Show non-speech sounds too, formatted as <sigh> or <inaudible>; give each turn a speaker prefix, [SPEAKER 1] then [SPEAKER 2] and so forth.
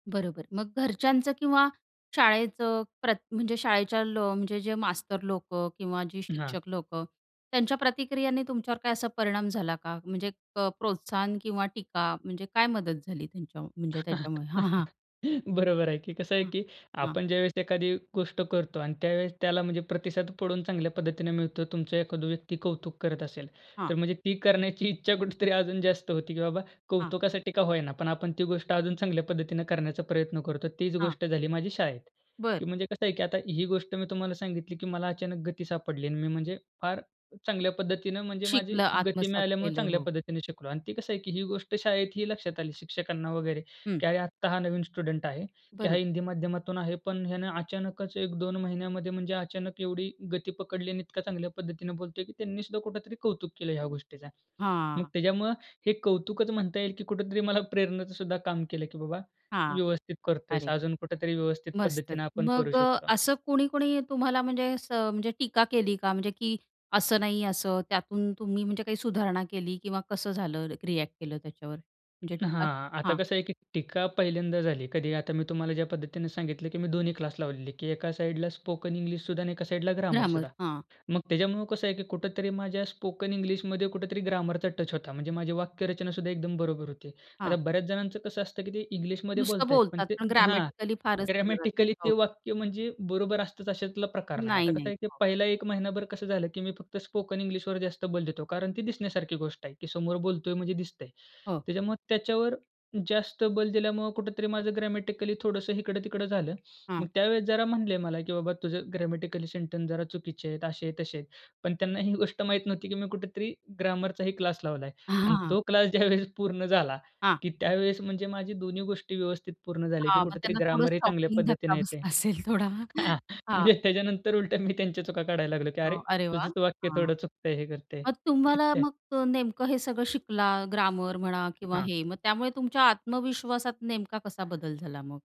[SPEAKER 1] बरोबर. मग घरच्यांचं किंवा शाळेचं प्रत म्हणजे शाळेच्या लॉ म्हणजे जे मास्तर लोकं किंवा जे
[SPEAKER 2] हां.
[SPEAKER 1] शिक्षक लोकं, त्यांच्या प्रतिक्रियेने तुमच्यावर काय असा परिणाम झाला का? म्हणजे क प्रोत्साहन किंवा टीका म्हणजे काय मदत झाली त्यांच्या म्हणजे त्याच्यामुळे? हां, हां.
[SPEAKER 2] <laughs> बरोबर आहे की. कसं आहे,
[SPEAKER 1] हां,
[SPEAKER 2] की
[SPEAKER 1] हां.
[SPEAKER 2] आपण ज्यावेळेस एखादी गोष्ट करतो आणि त्यावेळेस त्याला म्हणजे प्रतिसाद पडून चांगल्या पद्धतीने मिळतो. तुमचा एखादा व्यक्ती कौतुक करत असेल,
[SPEAKER 1] हां.
[SPEAKER 2] तर म्हणजे ती करण्याची इच्छा कुठेतरी अजून जास्त होते, की बाबा
[SPEAKER 1] हां.
[SPEAKER 2] कौतुकासाठी का होय ना? पण आपण ती गोष्ट अजून चांगल्या पद्धतीने करण्याचा प्रयत्न करतो. तीच
[SPEAKER 1] हां.
[SPEAKER 2] गोष्ट झाली माझी शाळेत.
[SPEAKER 1] बरं.
[SPEAKER 2] की म्हणजे कसं आहे, की आता ही गोष्ट मी तुम्हाला सांगितली, की मला अचानक गती सापडली आणि मी म्हणजे फार चांगल्या पद्धतीनं म्हणजे माझी
[SPEAKER 1] शिकलं,
[SPEAKER 2] गती
[SPEAKER 1] आत्मसात
[SPEAKER 2] मिळाल्यामुळे,
[SPEAKER 1] केलं
[SPEAKER 2] चांगल्या
[SPEAKER 1] हो.
[SPEAKER 2] पद्धतीने शिकलो. आणि ते कसं आहे, की ही गोष्ट शाळेतही लक्षात आली शिक्षकांना वगैरे,
[SPEAKER 1] हं.
[SPEAKER 2] की अरे आता हा नवीन स्टुडंट आहे, की हा
[SPEAKER 1] बरोबर.
[SPEAKER 2] हिंदी माध्यमातून आहे पण याने अचानकच 1-2 महिन्यामध्ये म्हणजे अचानक एवढी गती पकडली आणि इतका चांगल्या पद्धतीने बोलतोय, की त्यांनी सुद्धा कुठेतरी कौतुक केलं ह्या गोष्टीचा. मग
[SPEAKER 1] हां.
[SPEAKER 2] त्याच्यामुळं हे कौतुकच म्हणता येईल, की कुठेतरी मला प्रेरणेचं सुद्धा काम केलं. की बाबा
[SPEAKER 1] हां.
[SPEAKER 2] व्यवस्थित करतोयस.
[SPEAKER 1] अरे.
[SPEAKER 2] अजून कुठेतरी व्यवस्थित
[SPEAKER 1] मस्तच
[SPEAKER 2] पद्धतीने आपण करू
[SPEAKER 1] मग
[SPEAKER 2] शकतो.
[SPEAKER 1] असं कोणी-कोणी तुम्हाला म्हणजे असं म्हणजे टीका केली का? म्हणजे की असं नाही, असं. त्यातून तुम्ही म्हणजे काही सुधारणा केली? किंवा कसं झालं, रिएक्ट केलं त्याच्यावर? म्हणजे टीका.
[SPEAKER 2] हां. आता
[SPEAKER 1] हां.
[SPEAKER 2] कसं आहे, की टीका पहिल्यांदा झाली. कधी, आता मी तुम्हाला ज्या पद्धतीने सांगितलं, की मी दोन्ही क्लास लावलेली आहे, की एका साइडला स्पोकन इंग्लिश सुद्धा आणि एका साइडला ग्रामर
[SPEAKER 1] ग्रामर,
[SPEAKER 2] सुद्धा.
[SPEAKER 1] हां.
[SPEAKER 2] मग त्याच्यामुळे कसं आहे, की कुठेतरी माझ्या स्पोकन इंग्लिशमध्ये कुठेतरी ग्रामरचा टच होता. म्हणजे माझी वाक्यरचना सुद्धा एकदम बरोबर होती. आता
[SPEAKER 1] हां.
[SPEAKER 2] बऱ्याच जणांचं कसं असतं, की ते इंग्लिशमध्ये
[SPEAKER 1] नुसतं
[SPEAKER 2] बोलतायत, पण
[SPEAKER 1] बोलतात,
[SPEAKER 2] ते
[SPEAKER 1] पण
[SPEAKER 2] हां,
[SPEAKER 1] ग्रॅमॅटिकली फारच एरर असतात,
[SPEAKER 2] ग्रॅमॅटिकली ते
[SPEAKER 1] हो.
[SPEAKER 2] वाक्य म्हणजे बरोबर असतंच, अशातला प्रकार नाही.
[SPEAKER 1] नाही,
[SPEAKER 2] आता कसं
[SPEAKER 1] नाही.
[SPEAKER 2] आहे, की
[SPEAKER 1] हो.
[SPEAKER 2] पहिला 1 महिनाभर कसं झालं, की मी फक्त स्पोकन इंग्लिशवर जास्त बल देतो कारण ती दिसण्यासारखी गोष्ट आहे, की समोर बोलतोय म्हणजे दिसतंय.
[SPEAKER 1] हो.
[SPEAKER 2] त्याच्यामुळे त्याच्यावर जास्त बल दिल्यामुळं कुठेतरी माझं ग्रॅमॅटिकली थोडंसं इकडं-तिकडं झालं.
[SPEAKER 1] हां.
[SPEAKER 2] मग त्यावेळेस जरा म्हणले मला, की बाबा तुझं ग्रॅमॅटिकली सेंटन्स जरा चुकीचे आहेत, असे-तसे आहेत. पण त्यांना ही गोष्ट माहीत नव्हती, की मी कुठेतरी ग्रामरचाही क्लास लावलाय. आणि
[SPEAKER 1] हां.
[SPEAKER 2] तो क्लास ज्यावेळेस पूर्ण झाला,
[SPEAKER 1] हां.
[SPEAKER 2] की त्यावेळेस म्हणजे माझी दोन्ही गोष्टी व्यवस्थित पूर्ण झाले, की
[SPEAKER 1] हां. मग
[SPEAKER 2] कुठेतरी
[SPEAKER 1] त्यांना थोडा
[SPEAKER 2] ग्रामर हे चांगल्या
[SPEAKER 1] शॉकिंग धक्का
[SPEAKER 2] पद्धतीने येते.
[SPEAKER 1] बसला असेल थोडा.
[SPEAKER 2] हां
[SPEAKER 1] हां.
[SPEAKER 2] म्हणजे त्याच्यानंतर उलट्या मी त्यांच्या चुका काढायला लागलो, की अरे
[SPEAKER 1] हो, अरे वाह!
[SPEAKER 2] तुझंच वाक्य
[SPEAKER 1] हां.
[SPEAKER 2] थोडं चुकतंय, हे करतंय.
[SPEAKER 1] मग तुम्हाला
[SPEAKER 2] <unintelligible>
[SPEAKER 1] मग नेमकं हे सगळं शिकला, ग्रामर म्हणा किंवा
[SPEAKER 2] हां.
[SPEAKER 1] हे, मग त्यामुळे तुमच्या आत्मविश्वासात नेमका कसा बदल झाला मग?